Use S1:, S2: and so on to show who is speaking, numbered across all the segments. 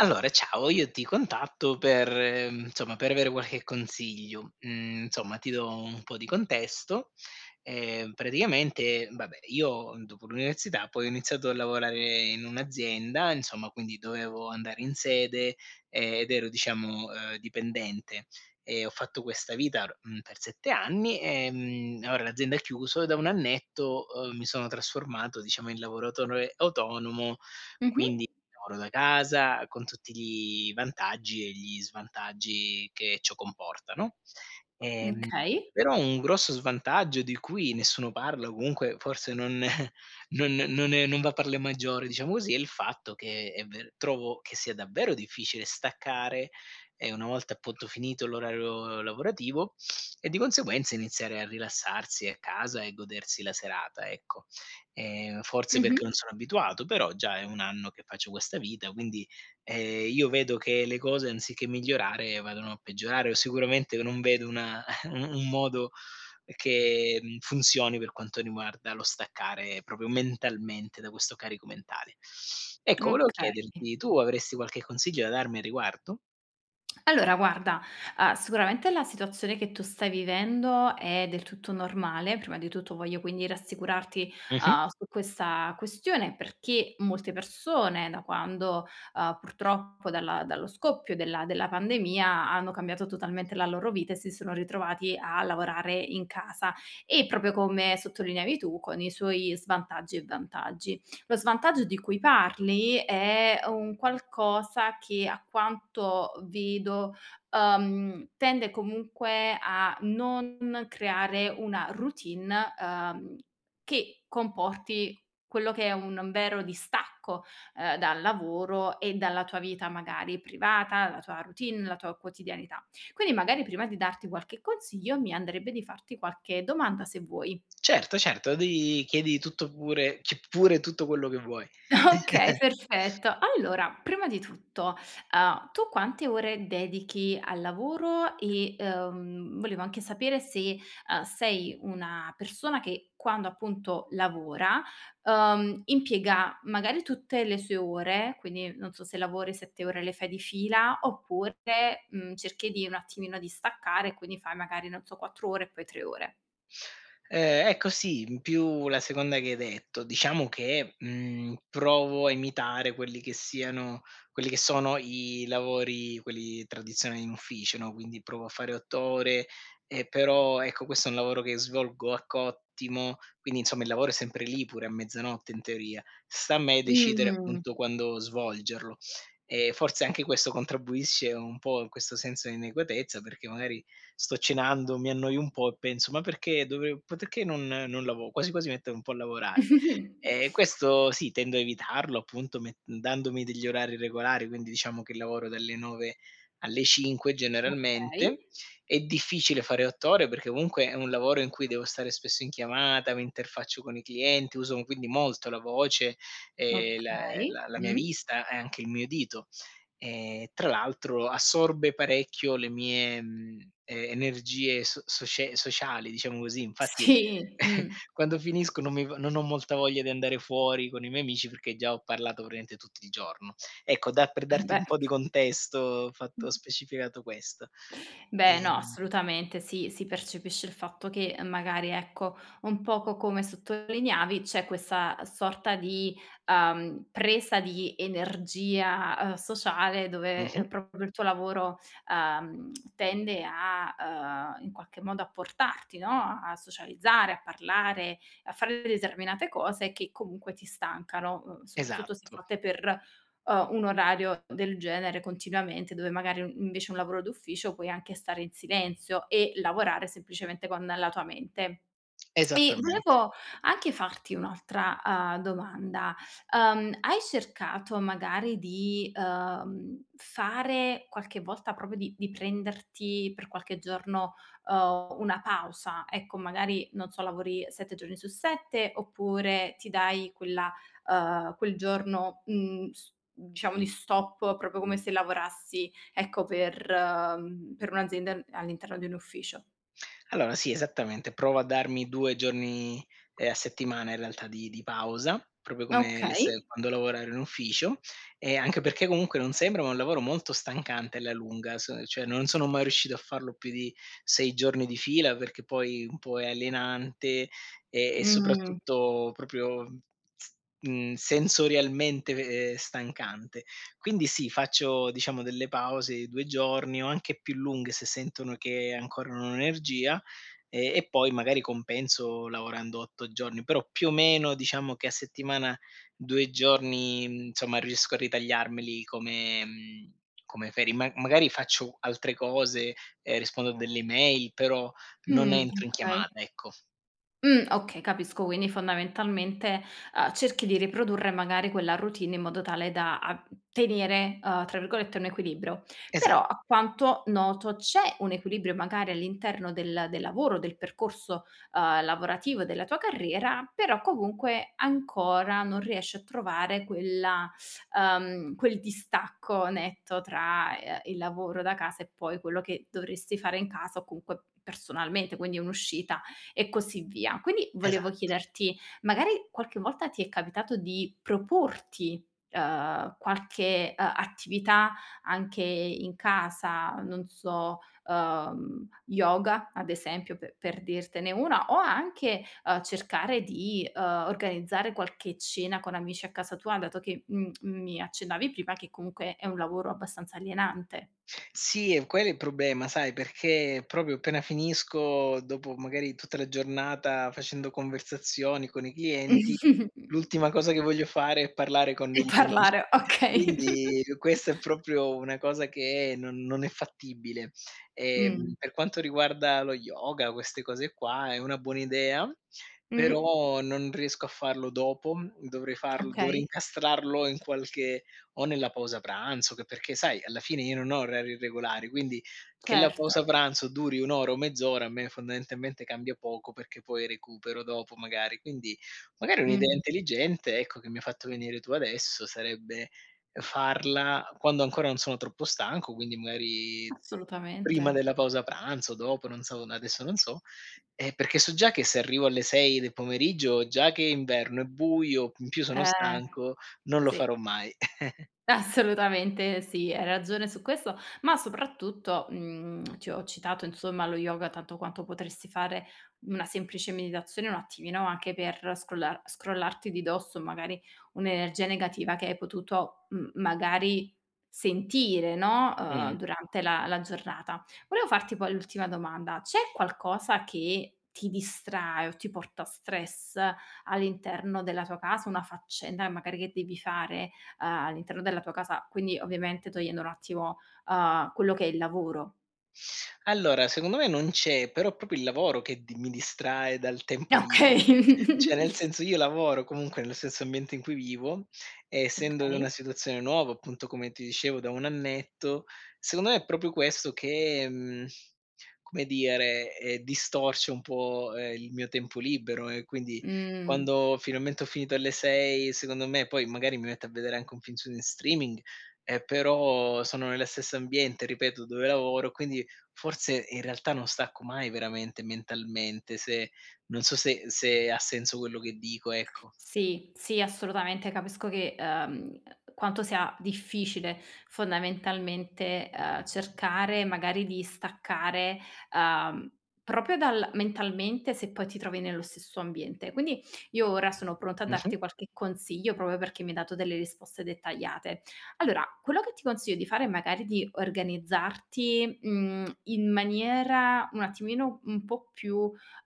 S1: Allora, ciao, io ti contatto per, mhmm, insomma per avere qualche consiglio. Mhmm, insomma, ti do un po' di contesto: ehm, praticamente, vabbè, io dopo l'università, poi ho iniziato a lavorare in un'azienda, insomma, quindi dovevo andare in sede, ed ero, diciamo, ehm, dipendente e ho fatto questa vita, mhmm, per 7 anni, ehm, e ora l'azienda ha chiuso e da 1 annetto, ehm, mi sono trasformato, diciamo, in lavoratore autonomo,
S2: Mh-mh.
S1: quindi lavoro da casa, con tutti gli vantaggi e gli svantaggi che ciò comporta, no? Ehm,
S2: Okay.
S1: però un grosso svantaggio di cui nessuno parla, o comunque forse non non non è non va per le maggiori, diciamo così, è il fatto che è ver trovo che sia davvero difficile staccare, ehm, una volta appunto finito l'orario lavorativo e, di conseguenza, iniziare a rilassarsi a casa e godersi la serata, ecco. Ehm, forse perché non
S2: Mh-mh.
S1: sono abituato, però, già è 1 anno che faccio questa vita, quindi, ehm, io vedo che le cose anziché migliorare, vadano a peggiorare o sicuramente non vedo una, u un modo, che mhmm, funzioni per quanto riguarda lo staccare proprio mentalmente, da questo carico mentale. Ecco, volevo
S2: Okay.
S1: chiederti, tu avresti qualche consiglio da darmi a riguardo?
S2: Allora guarda, uhm, sicuramente la situazione che tu stai vivendo è del tutto normale, prima di tutto voglio quindi rassicurarti,
S1: Mh-mh.
S2: uhm, su questa questione, perché molte persone da quando uhm, purtroppo dalla dallo scoppio della della pandemia, hanno cambiato totalmente la loro vita, e si sono ritrovati a lavorare in casa. E proprio come sottolineavi tu, con i suoi svantaggi e vantaggi. Lo svantaggio di cui parli è un qualcosa che, a quanto vedo, uhm, tende comunque a non creare una routine, uhm, che comporti, quello che è un vero distacco, ehm, dal lavoro e dalla tua vita, magari, privata, la tua routine, la tua quotidianità. Quindi magari, prima di darti qualche consiglio, mi andrebbe di farti qualche domanda, se vuoi.
S1: Certo, certo, devi chiedi tutto pure ci pure tutto quello che vuoi.
S2: Okay, perfetto. Allora, prima di tutto, uhm, tu quante ore dedichi al lavoro, e, uhm, volevo anche sapere se, uhm, sei una persona che quando, appunto, lavora, uhm, impiega magari tutte le sue ore, quindi non so se lavori 7 ore le fai di fila, oppure, mhmm, cerchi di un attimino di staccare, e quindi fai magari non so, 4 ore e poi 3 ore.
S1: Ehm, ecco sì, in più la seconda che hai detto. Diciamo che, mhmm, provo a imitare quelli che siano quelli che sono i lavori, quelli tradizionali in ufficio, no, quindi provo a fare 8 ore, e però, ecco, questo è un lavoro che svolgo a cottimo, quindi insomma il lavoro è sempre lì pure a mezzanotte in teoria; sta a me decidere,
S2: Mh.
S1: appunto, quando svolgerlo. E forse anche questo contribuisce un po' a questo senso inadeguatezza, perché magari sto cenando, mi annoio un po' e penso: "Ma perché dovev perché non non lavo quasi quasi metto un po' a lavorare". Ehm, questo sì, tendo a evitarlo appunto met dandomi degli orari regolari, quindi diciamo che lavoro dalle 9 alle 5
S2: Okay.
S1: generalmente. È difficile fare 8 ore perché comunque è un lavoro in cui devo stare spesso in chiamata, mi interfaccio con i clienti, uso quindi molto la voce, ehm, la
S2: Okay,
S1: la la mia
S2: mh.
S1: vista e anche il mio udito. Ehm, tra l'altro assorbe parecchio le mie, mhmm, e energie so socie sociali, diciamo così, infatti,
S2: Sì, mh.
S1: quando finisco non mi v non ho molta voglia di andare fuori con i miei amici perché già ho parlato praticamente tutti il giorno. Ecco, da per darti
S2: Embè.
S1: un po' di contesto, ho fatto ho specificato questo.
S2: Beh no,
S1: Ehm
S2: assolutamente. Sì, si percepisce il fatto che, magari ecco, un poco come sottolineavi c'è questa sorta di, ehm, presa di energia, ehm, sociale dove,
S1: Mh-mh.
S2: ehm, proprio il tuo lavoro, ehm, tende a ehm, in qualche modo a portarti, no, a socializzare, a parlare, a fare determinate cose che, comunque, ti stancano, uhm, soprattutto se
S1: Esatto.
S2: fatte per, ehm, un orario del genere continuamente, dove magari invece un lavoro d'ufficio puoi anche stare in silenzio e lavorare semplicemente con la tua mente. E
S1: Esattamente.
S2: volevo anche farti un'altra, uhm, domanda: ehm, hai cercato magari di, ehm, fare qualche volta proprio di di prenderti per qualche giorno, ehm, una pausa? Ecco, magari, non so, lavori 7 giorni su 7, oppure ti dai quella ehm, quel giorno, mhmm, s diciamo di stop, proprio come se lavorassi, ecco, per, ehm per un'azienda a all'interno di un ufficio.
S1: Allora sì, esattamente. Provo a darmi 2 giorni, ehm, a settimana, in realtà di di pausa, proprio come le
S2: Okay.
S1: se quando lavorare in ufficio e anche perché comunque non sembra, ma è un lavoro molto stancante alla lunga, son cioè, non sono mai riuscito a farlo più di 6 giorni di fila perché poi un po' è alienante e e
S2: Mh.
S1: soprattutto proprio, mhmm mhmm, sensorialmente ve ehm, stancante. Quindi, sì, faccio diciamo delle pause di 2 giorni o anche più lunghe se sentono che ancora non ho energia, e e poi magari compenso lavorando 8 giorni, però più o meno diciamo che a settimana, 2 giorni, insomma, riesco a ritagliarmeli come mhmm, come ferie. Ma magari faccio altre cose e rispondo a delle mail, però non
S2: Mh,
S1: entro in
S2: okay.
S1: chiamata, ecco.
S2: Mh, okay, capisco, quindi fondamentalmente, ehm, cerchi di riprodurre magari quella routine in modo tale da a tenere, uhm, tra virgolette "un equilibrio". Però
S1: Esa
S2: a quanto noto c'è un equilibrio magari all'interno del del lavoro, del percorso, ehm, lavorativo della tua carriera, però comunque ancora non riesci a trovare quella uhm, quel distacco netto tra, ehm, il lavoro da casa e poi quello che dovresti fare in casa o comunque personalmente, quindi un'uscita e così via. Quindi, volevo
S1: Esatto.
S2: chiederti: magari qualche volta ti è capitato di proporti, ehm, qualche, ehm, attività anche i in casa, non so, ehm, yoga ad esempio pe per dirtene una, o anche, uhm, cercare di, uhm, organizzare qualche cena con amici a casa tua, dato che m mi accennavi prima che comunque è un lavoro abbastanza alienante.
S1: Sì, è quello è il problema. Sai, perché proprio appena finisco, dopo magari tutta la giornata facendo conversazioni con i clienti, l'ultima cosa che voglio fare è parlare con
S2: E
S1: degli amici.
S2: parlare, okay.
S1: Quindi questa è proprio una cosa che non non è fattibile.
S2: Mh.
S1: Ehm, per quanto riguarda lo yoga, queste cose qua, è una buona idea.
S2: Mh-mh.
S1: Però non riesco a farlo dopo, dovrei farlo dovrei
S2: Okay.
S1: incastrarlo in qualche o nella pausa pranzo che perché sai, alla fine io non ho orari regolari, quindi, che la
S2: Certo.
S1: pausa pranzo duri 1 ora o mezz'ora a me fondamentalmente cambia poco, perché poi recupero dopo magari. Quindi, magari un'idea
S2: Mh-mh.
S1: intelligente, ecco che mi ha fatto venire tu adesso sarebbe, uhm, farla quando ancora non sono troppo stanco, quindi magari prima
S2: Assolutamente.
S1: della pausa pranzo, dopo, non so, n adesso non so. Ehm, perché so già che se arrivo alle 6 del pomeriggio, già che è inverno, è buio, in più sono
S2: Eh,
S1: stanco, non lo
S2: sì.
S1: farò mai.
S2: Assolutamente sì, hai ragione su questo, ma soprattutto, mhmm, ti ho citato, insomma, lo yoga tanto quanto potresti fare una semplice meditazione, un attimino, anche per scrollar scrollarti di dosso, magari, un'energia negativa che hai potuto, mhmm, magari, sentire, no, uhm,
S1: Mh.
S2: durante la la giornata. Volevo farti poi l'ultima domanda, c'è qualcosa che ti distrae o ti porta stress all'interno della tua casa, una faccenda che magari che devi fare, uhm, all'interno della tua casa, quindi ovviamente togliendo un attimo, uhm, quello che è il lavoro?
S1: Allora, secondo me non c'è, però proprio il lavoro che di mi distrae dal tempo libe cioè
S2: Okay.
S1: nel senso, io lavoro comunque nello stesso ambiente in cui vivo, e essendo in una
S2: Okay.
S1: situazione nuova, appunto, come ti dicevo da 1 annetto, secondo me è proprio questo che, mhmm, come dire, ehm, distorce un po', ehm, il mio tempo libero. E quindi,
S2: Mh.
S1: quando finalmente ho finito alle 6, secondo me, poi magari mi metto a vedere anche un film su n streaming, eh però sono nello stesso ambiente, ripeto, dove lavoro, quindi, forse in realtà, non stacco mai veramente mentalmente se non so se se ha senso quello che dico, ecco.
S2: Sì, sì, assolutamente, capisco che uhm, quanto sia difficile, fondamentalmente, uhm, cercare magari di staccare, uhm, proprio dal mentalmente se poi ti trovi nello stesso ambiente. Quindi, io ora sono pronta a
S1: Mh-mh.
S2: darti qualche consiglio proprio perché mi hai dato delle risposte dettagliate. Allora, quello che ti consiglio di fare è magari di organizzarti, mhmm, in maniera un attimino un po' più,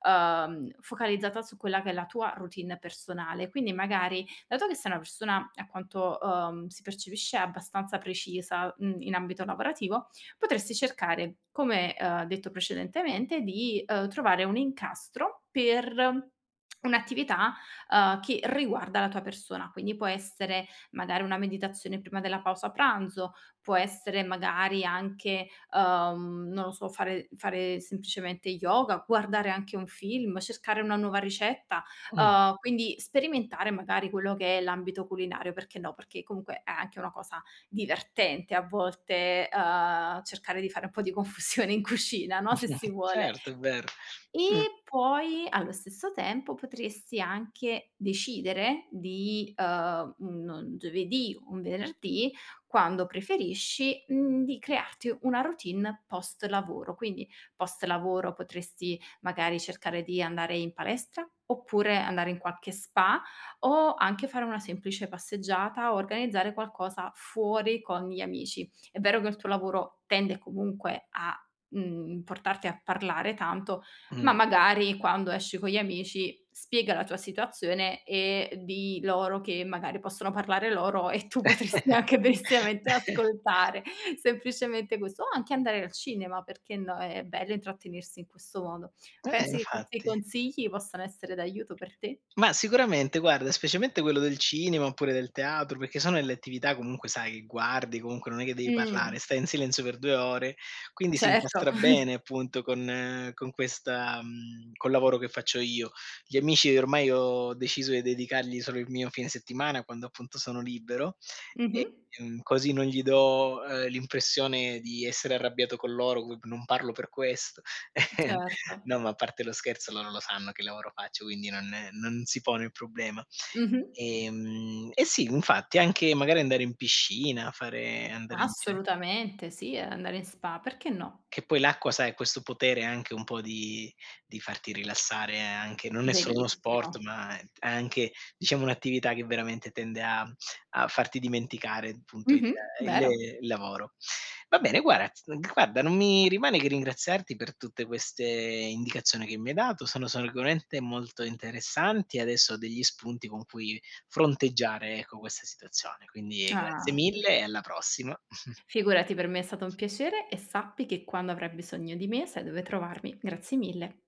S2: uhm, focalizzata su quella che è la tua routine personale. Quindi, magari, dato che sei una persona, a quanto, uhm, si percepisce, abbastanza precisa, mhmm, in ambito lavorativo, potresti cercare, come, uhm, detto precedentemente, di, uhm, trovare un incastro per un'attività, uhm, che riguarda la tua persona. Quindi può essere magari una meditazione prima della pausa pranzo, può essere magari anche, uhm, non lo so, fare fare semplicemente yoga, guardare anche un film, cercare una nuova ricetta,
S1: Mh.
S2: uhm, quindi sperimentare magari quello che è l'ambito culinario, perché no, perché comunque è anche una cosa divertente a volte, uhm, cercare di fare un po' di confusione in cucina, no, se si vuole.
S1: Certo, è vero. Mh.
S2: E poi, allo stesso tempo, potresti anche decidere di, uhm, un giovedì o un venerdì, quando preferisci, mhmm, di crearti una routine post lavoro, quindi, post lavoro potresti magari cercare di andare in palestra, oppure andare in qualche spa, o anche fare una semplice passeggiata o organizzare qualcosa fuori con gli amici. È vero che il tuo lavoro tende comunque a, mhmm, portarti a parlare tanto, ma
S1: Mh.
S2: magari quando esci con gli amici spiega la tua situazione, e dì loro che magari possono parlare loro e tu potresti anche benissiamente ascoltare. Semplicemente questo. O anche andare al cinema, perché no, è bello intrattenersi in questo modo.
S1: Eh,
S2: Pensi che questi
S1: infatti.
S2: consigli possano essere d'aiuto per te?
S1: Mah, sicuramente, guarda, specialmente quello del cinema oppure del teatro, perché sono delle attività comunque sai, che guardi, comunque non è che devi parlare,
S2: Mh.
S1: stai in silenzio per 2 ore, quindi si
S2: Certo.
S1: incastra bene appunto con con questa mhmm, col lavoro che faccio io. Gli amici, ormai ho deciso di dedicargli solo il mio fine settimana, quando appunto sono libero,
S2: Mh-mh.
S1: ehm, così non gli do, ehm, l'impressione di essere arrabbiato con loro gub non parlo per questo.
S2: Certo.
S1: No, ma a parte lo scherzo, loro lo sanno che lavoro faccio, quindi non non si pone il problema.
S2: Mh-mh.
S1: E mhmm, e sì, infatti, anche magari andare in piscina, fare andare in dire
S2: Assolutamente sì, e andare in spa, perché no?
S1: Che poi l'acqua, sai, ha questo potere anche un po' di di farti rilassare anche non è solo uno sport,
S2: Verissimo.
S1: ma è t è anche, diciamo un'attività che veramente tende a mhmm, a farti dimenticare, punto, il
S2: Mh-mh,
S1: il
S2: vero.
S1: e lavoro. Va bene, guarat guarda, non mi rimane che ringraziarti per tutte queste indicazioni che mi hai dato, sono sicuramente molto interessanti, e adesso ho degli spunti con cui fronteggiare, ecco, questa situazione, quindi grazie
S2: Ah. [unintelligible]
S1: mille e alla prossima.
S2: Figurati, per me è stato un piacere, e sappi che quando avrai bisogno di me sai dove trovarmi, grazie mille.